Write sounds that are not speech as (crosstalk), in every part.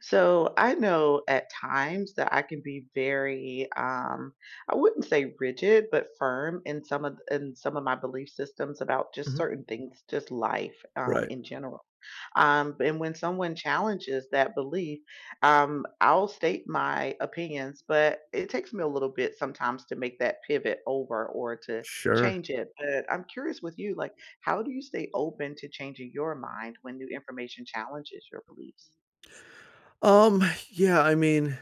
So, I know at times that I can be very, um, I wouldn't say rigid, but firm in some of in some of my belief systems about just Mhm. certain things, just life, um, Right. in general. Um, and when someone challenges that belief, um, I'll state my opinions, but it takes me a little bit sometimes to make that pivot over or to Sure. change it. But I'm curious with you. Like, how do you stay open to changing your mind when new information challenges your beliefs? Um, yeah. I mean,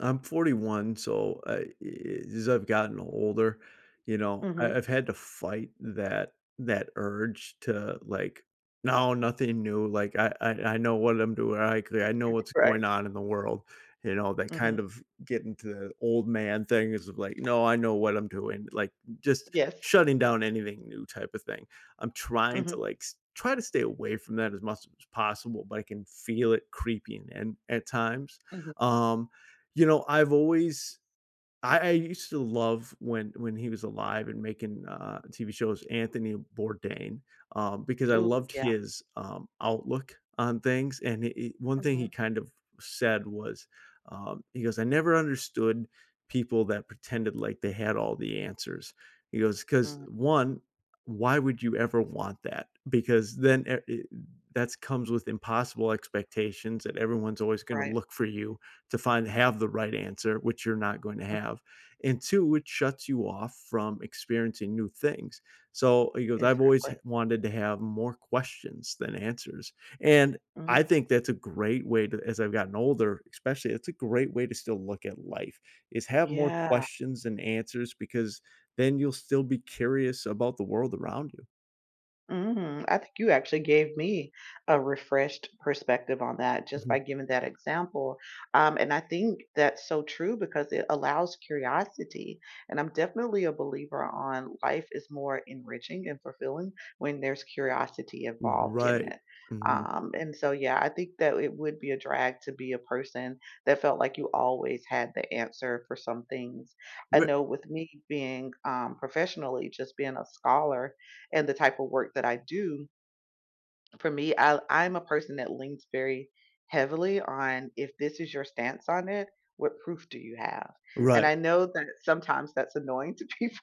I'm 41. So, I i i as I've gotten older, you know, I Mhm. I've had to fight that that urge to, like, "No. Nothing new, like, I I I know what I'm doing. I could I know M what's right. going on in the world." You know that kind Mhm. of getting to the old man things it's just like, "No, I know what I'm doing." Like, just Yes. shutting down anything new type of thing. I'm trying to, Mhm. like s try to stay away from that as much as it's possible, but I can feel it creeping in at times. Mhm. Um, you know, I've always I I used to love when when he was alive and making, uh, TV shows, Anthony Bourdain, um, because I Ooh, loved yeah. his, um, outlook on things. And he he one thing he Mhm. kind of said was, um, he goes, "I never understood people that pretended like they had all the answers." He goes, "'Cause, Hmm. 1, why would you ever want that? Because then it eh that's comes with impossible expectations that everyone's always gonna Right. look for you to find have the right answer, which you're not going to Huh. have. And 2, it shuts you off from experiencing new things." So, he goes, "I've always Exactly. hav wanted to have more questions than answers." And Mhm. I think that's a great way to as I've gotten older, especially, it's a great way to still look at life. Is have more Yeah. questions than answers because then you'll still be curious about the world around you. Mhm, I think you actually gave me a refreshed perspective on that just Mhm. by giving that example. Um, and I think that's so true because it allows curiosity. And I'm definitely a believer on life is more enriching and fulfilling when there's curiosity involved in Right. it. Mhm. Um, and so, yeah, I think that it would be a drag to be a person that felt like you always had the answer for some things. I (unintelligible) know with me being, um, professionally, just being a scholar, and the type of work that I do for me, I I'm a person that leans very heavily on, "If this is your stance on it, what proof do you have?" And Right. I know that sometimes that's annoying to people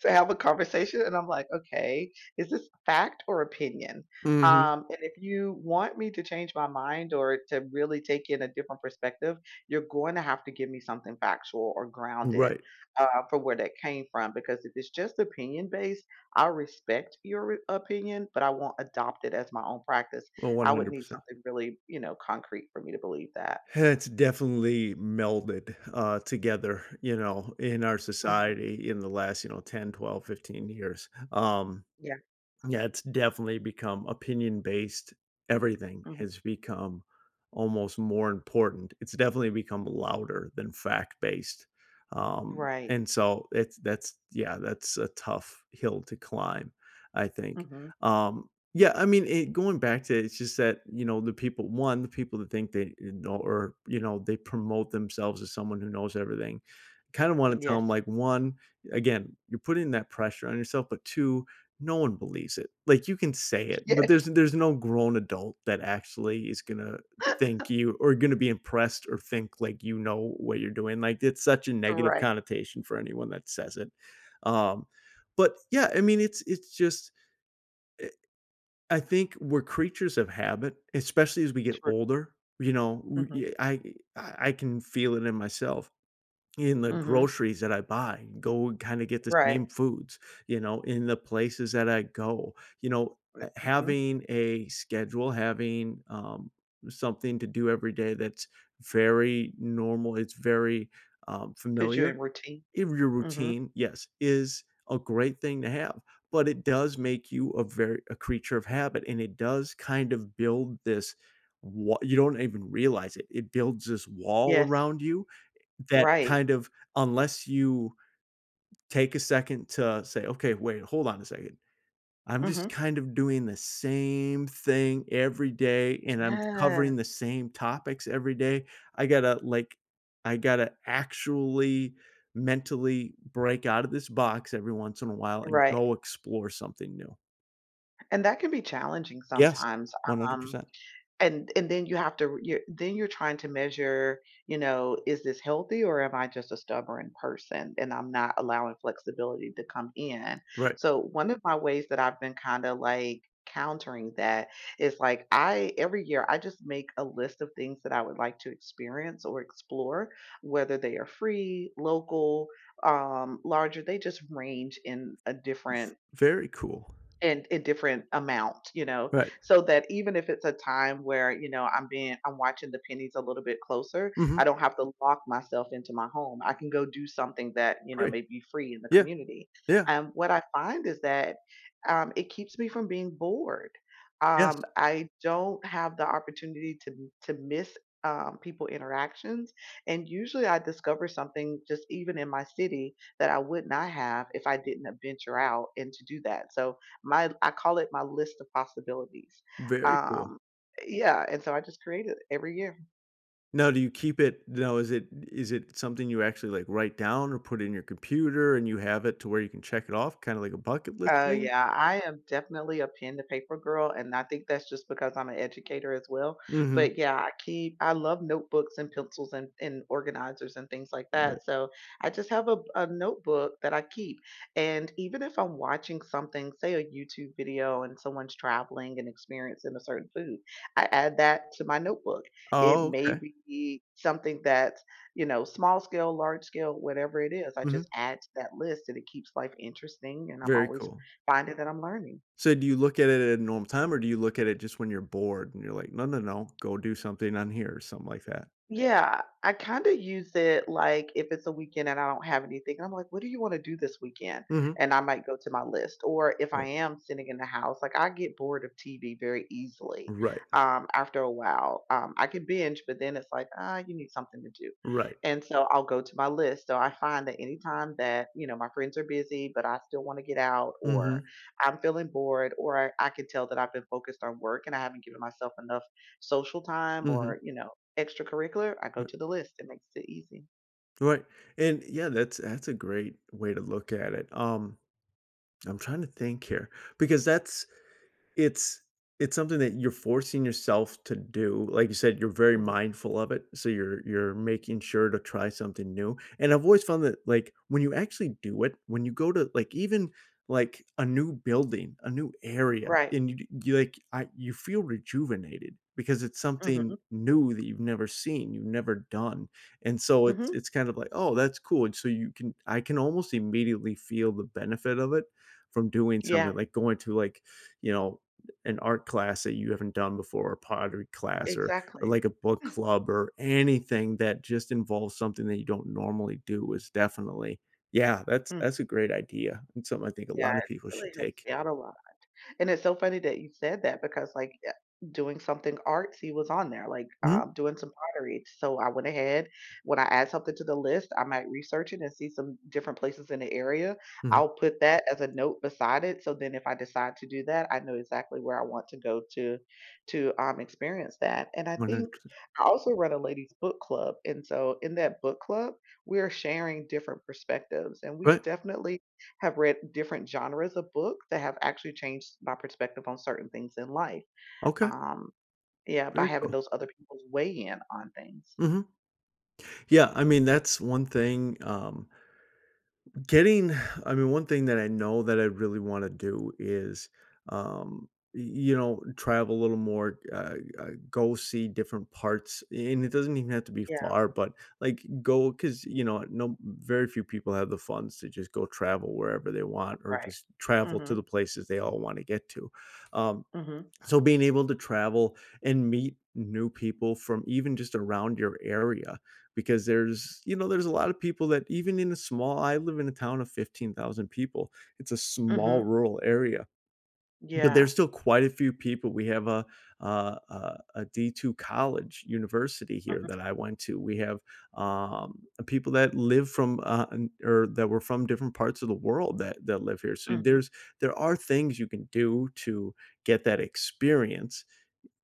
to have a conversation, and I'm, like, "Okay, is this fact or opinion?" Mhm. Um, and if you want me to change my mind, or to really take in a different perspective, you're going to have to give me something factual or grounded, Right. uh, for where that came from. Because if it's just opinion based, I respect your opinion, but I won't adopt it as my own practice. Oh, one I would hundred need percent. something really, you know, concrete for me to believe that. It's definitely melded, uh, together, you know, in our Mhm. society in the last, you know, 10, 12, 15 years. Um, Yeah. yeah, It's definitely become opinion based. Everything Mhm. has become almost more important. It's definitely become louder than fact based. Um, Right. and so, it's that's yeah, that's a tough hill to climb, I think. Mhm. Um, yeah, I mean, i going back to it, it's just that, you know, the people 1, the people that think they, uh, know or, you know, they promote themselves as someone who knows everything. Kinda wanna tell Yes. them, like, 1, again, you're putting that pressure on yourself, but 2, no one believes it. Like, you can say it, but Yes. there's there's no grown adult that actually is gonna think (laughs) you or gonna be impressed or think, like, you know what you're doing. Like, it's such a negative Right. connotation for anyone that says it. Um, but, yeah, I mean, it's it's just it I think we're creatures of habit, especially as we get True. older. You know? Mhm. We uh I I I I can feel it in myself, in the Mhm. groceries that I buy, and go and kinda get the Right. same foods, you know, in the places that I go. You know, R uh, h mhm. having a schedule, having, um, something to do every day that's very normal, it's very, um, Put you in familiar. routine. In your Mhm. routine, yes, is a great thing to have, but it does make you a ver a creature of habit, and it does kind of build this wa you don't even realize it. It builds this wall Yes. around you, eh, that Right. kind of unless you take a second to say, "Okay. Wait. Hold on a second. I'm just Mhm. kind of doing the same thing every day, and I'm covering Yes. the same topics every day. I gotta, like, I gotta actually mentally break out of this box every once in a while and Right. go explore something new." And that can be challenging Yes, sometimes. one hundred Um, percent. and and then you have to you're then you're trying to measure, you know, "Is this healthy, or am I just a stubborn person, and I'm not allowing flexibility to come in." Right. So, one of my ways that I've been kinda, like, countering that is, like, I every year, I just make a list of things that I would like to experience, or explore, whether they are free, local, um, larger, they just range in a different V very cool. in a different amount, you know? Right. So that even if it's a time where, you know, I'm being I'm watching the pennies a little bit closer, Mhm. I don't have to lock myself into my home. I can go do something that, you know, Great. may be free in the Yeah. community. Yeah. Um, what I find is that, um, it keeps me from being bored. Yes. Um, I don't have the opportunity to m to miss, um, people interactions, and usually I discover something, just even in my city, that I would not have if I didn't adventure out and to do that. So my I call it my list of possibilities. Very cool. Um Yeah, and so I just create it, every year. Now do you keep it now is it is it something you actually, like, write down or put in your computer and you have it to where you can check it off, kinda like a bucket list Uh, thing? yeah, I am definitely a pen to paper girl, and I think that's just because I'm an educator as well, Mhm. but, yeah, I keep I love notebooks and pencils and and organizers and things like Right. that, so, I just have a a notebook that I keep, and even if I'm watching something say a YouTube video and someone's traveling and experiencing a certain food, I add that to my notebook. It Oh, may okay. be something that you know, small scale, large scale, whatever it is, I Mhm. just add to that list, and it keeps life interesting, and I'm Very always cool. finding that I'm learning. So, do you look at it at a normal time, or do you look at it just when you're bored and you're like, "No, No, No, go do something on here," or something like that? Yeah, I kinda use it like, if it's a weekend and I don't have anything, I'm like, "What do you wanna do this weekend?" Mhm. and I might go to my list, or if I Right. am sitting in the house, like, I get bored of TV very easily, Right. um, after a while, um, I could binge, but then it's like, uh, "You need something to do," Right. and, so, I'll go to my list. So I find that anytime that, you know, my friends are busy, but I still wanna get out, or Mhm. I'm feeling bored, or I could tell that I've been focused on work and I haven't given myself enough social time Mhm. or, you know, extracurricular, I go Bu to the list. It makes it easy. Right. And, yeah, that's that's a great way to look at it. Um, I'm trying to think here, because that's it's it's something that you're forcing yourself to do. Like you said, you're very Mhm. mindful of it, so you're you're making sure to try something new. And I've always found that, like, when you actually do it when you go to like, even, like, a new building, a new area, Right. and you d you, like, I you feel rejuvenated because it's something Mhm. new that you've never seen, you've never done. And so it's Mhm. it's kind of like, "Oh, that's cool." And so you can I can almost immediately feel the benefit of it, from doing something, Yeah. like going to, like, you know, an art class that you haven't done before, a pottery class, or or, Exactly. like, a book (chuckles) club or anything that just involves something that you don't normally do is definitely yeah, that's Mm. that's a great idea and something I think a Yeah. lot of people It really should helps take. me out a lot. And it's so funny that you said that because, like, uh, doing something artsy was on there, like, um, Mhm. doing some pottery. So, I went ahead, when I add something to the list, I might research it and see some different places in the area. Mhm. I'll put that as a note beside it so then if I decide to do that, I know exactly where I want to go to to, um, experience that, and I one hundred think percent. I also run a ladies' book club. And so in that book club, we are sharing different perspectives, and we Right. definitely have read different genres of book that have actually changed my perspective on certain things in life. Okay. Um, yeah, by Very having cool. those other peoples weigh in on things. Mhm. Yeah, I mean, that's one thing, um, getting (sighs) I mean, one thing that I know that I really wanna do is, um, y you know, travel a little more, uh, uh, go see different parts. And it doesn't even have to be Yeah. far, but, like, go 'cause, you know, no very few people have the funds to just go travel wherever they want or Right. just travel to the Mhm. places they all wanna get to. Um. Mhm. So being able to travel and meet new people from even just around your area because there's, you know, there's a lotta people that even in a small I live in a town of 15,000 people. It's a small Mhm. rural area, but Yeah. there's still quite a few people. We have a a a a D2 college university here Mhm. that I went to. We have, um, people that live from, uh, and, er, that were from different parts of the world that that live here. So Mhm. there's there are things you can do to get that experience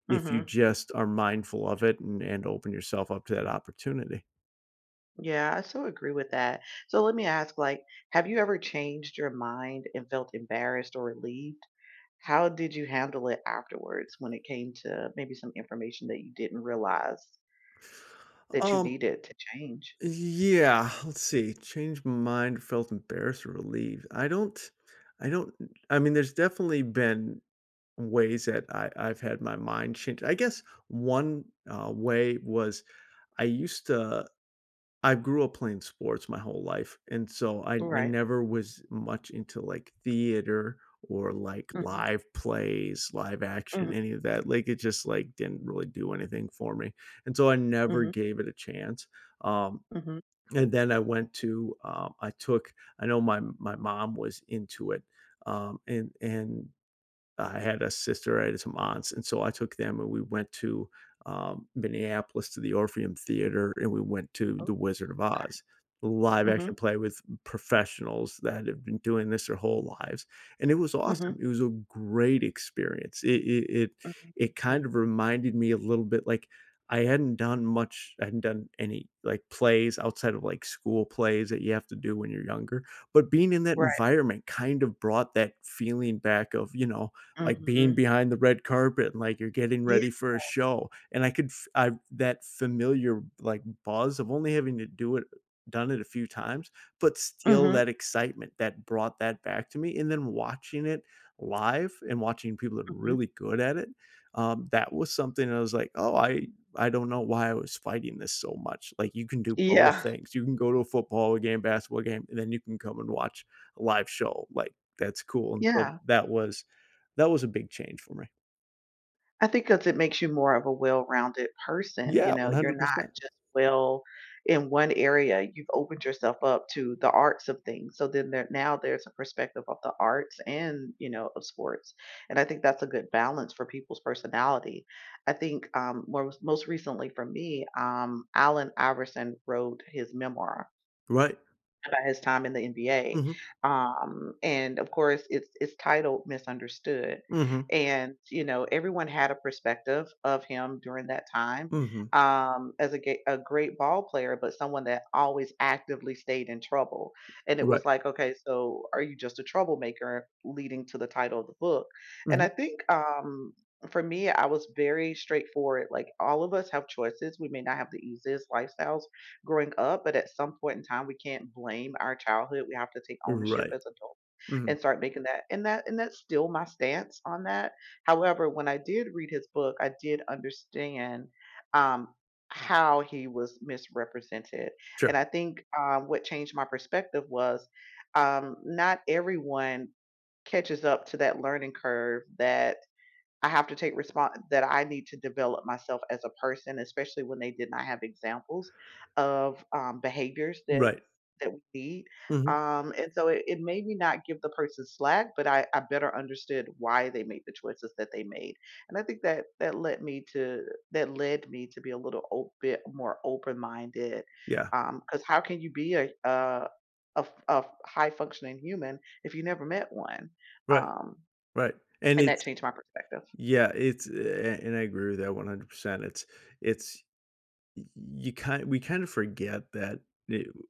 if you Mhm. just are mindful of it and and open yourself up to that opportunity. Yeah, I so agree with that, so, let me ask, like, have you ever changed your mind and felt embarrassed or relieved? How did you handle it afterwards when it came to, uh, maybe some information that you didn't realize that you Um. needed to change? Y yeah let's see, change my mind, felt embarrassed, or relieved I don't I don't I mean, there's definitely been ways that I I've had my mind changed I guess 1, uh, way was I used t uh, I grew up playing sports my whole life, and, so, I I Right. never was much into, like, theater or, like, Mhm. live plays, live action, Mhm. any of that like, it just, like, didn't really do anything for me, and, so, I never Mhm. gave it a chance, um, Mhm. and then I went to uh, I took I know my my mom was into it, um, and and I had a sister I had some aunts and, so, I took them, and we went to, um, Minneapolis to the Orpheum Theater, and we went to Oh, The Wizard of Oz, a live okay, action mhm. play with pr professionals that have been doing this their whole lives, and it was Mhm. awesome, it was a great experience, it it it it kind Mm. of reminded me a little bit, like I hadn't done much I hadn't done any, like, plays outside of, like, school plays that you have to do when you're younger, but being in that Right. environment kind of brought that feeling back of you know, like, being Mhm. behind the red carpet, and, like, you're getting Yeah. ready for a show, and I could f I've that familiar, like, buzz of only having to do it done it a few times, but still Mhm. that excitement that brought that back to me, and then watching it live, and watching people that are Mhm. really good at it, um, that was something I was like, "Oh, I I don't know why I was fighting this so much," like, "You can do both Yeah. things, you can go to a football game, basketball game, and then you can come and watch a live show." like, that's cool, and, so, Yeah. that was that was a big change for me. I think 'cause it makes you more of a well-rounded person, you Yeah, know? one You're hundred not percent. just well in one area. You've opened yourself up to the arts of things, so then there now there's a perspective of the arts and, you know, of sports, and I think that's a good balance for people's personality. I think, um, mors most recently for me, um, Allen Iverson wrote his memoir Right. about his time in the NBA, Mhm. um, and, of course, it's it's titled Misunderstood. Mhm. And, you know, everyone had a perspective of him during that time, Mhm. um, as a ge a great ball player, but someone that always actively stayed in trouble. And it Right. was like, "Okay, so are you just a troublemaker," leading to the title of the book. And Mhm. I think, um, for me, I was very straightforward. Like, all of us have choices. We may not have the easiest lifestyles growing up, but at some point in time, we can't blame our childhood. We have to take ownership Right. as adults Mhm. and start making that And that and that's still my stance on that. However, when I did read his book, I did understand, um, how he was misrepresented, Sure. and I think, um, what changed my perspective was, um, not everyone catches up to that learning curve that, "I have to take respon that I need to develop myself as a person," especially when they did not have examples of, um, behaviors that Right. that we need. Mhm. Um, and so it it made me not give the person slack, but I I better understood why they made the choices that they made, and I think that that led me to that led me to be a little ope more open minded, Yeah. um, 'cause how can you be a a a f a f high functioning human, if you never met one? Right. Um, Right. And and that it's changed my perspective. Yeah, it's a and I agree with that 100%. It's it's y you kinda we kinda forget that ne u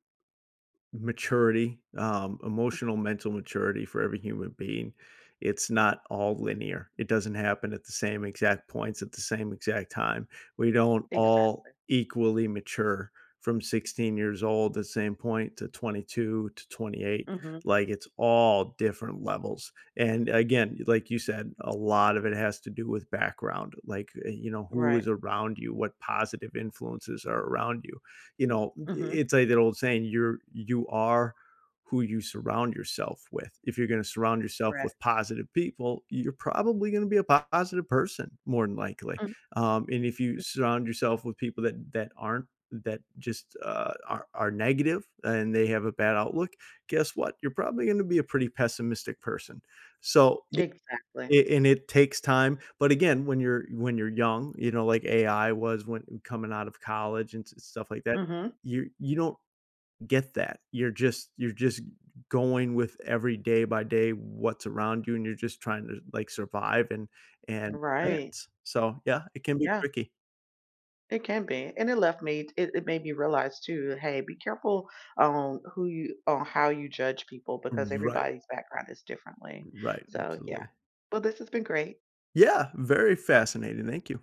maturity, um, emotional Mhm. mental maturity for every human being, it's not all linear. It doesn't happen at the same exact points at the same exact time. We don't all Exactly. equally mature from 16 years old, the same point to 22 to 28, Mhm. like, it's all different levels. And, again, like you said, a lot of it has to do with background. Like, eh, you know, who Right. is around you? What positive influences are around you? You know, m i Mhm. it's like that old saying, "You're you are who you surround yourself with." If you're gonna surround yourself Correct. with positive people, you're probably gonna be a positive person more than likely. Mhm. Um, and if you M surround yourself with people that that aren't, that just, uh, are are negative and they have a M bad outlook, guess what? You're probably gonna be a pretty pessimistic person. So y Exactly. a and it takes time, but again, when you're when you're young, you know, like AI was when coming out of college and stuff like that, Mhm. you you don't get that. You're just you're just going with every day by day what's around you, and you're just trying to, like, survive and and Right. advance. So, yeah, it can be Yeah. tricky. It can be. And it led me t it it made me realize too, "Hey, be careful on who you on how you judge people because Right. everybody's background is differently" Right. so, yeah. Absolutely. Well, this has been great. Yeah, very fascinating. Thank you.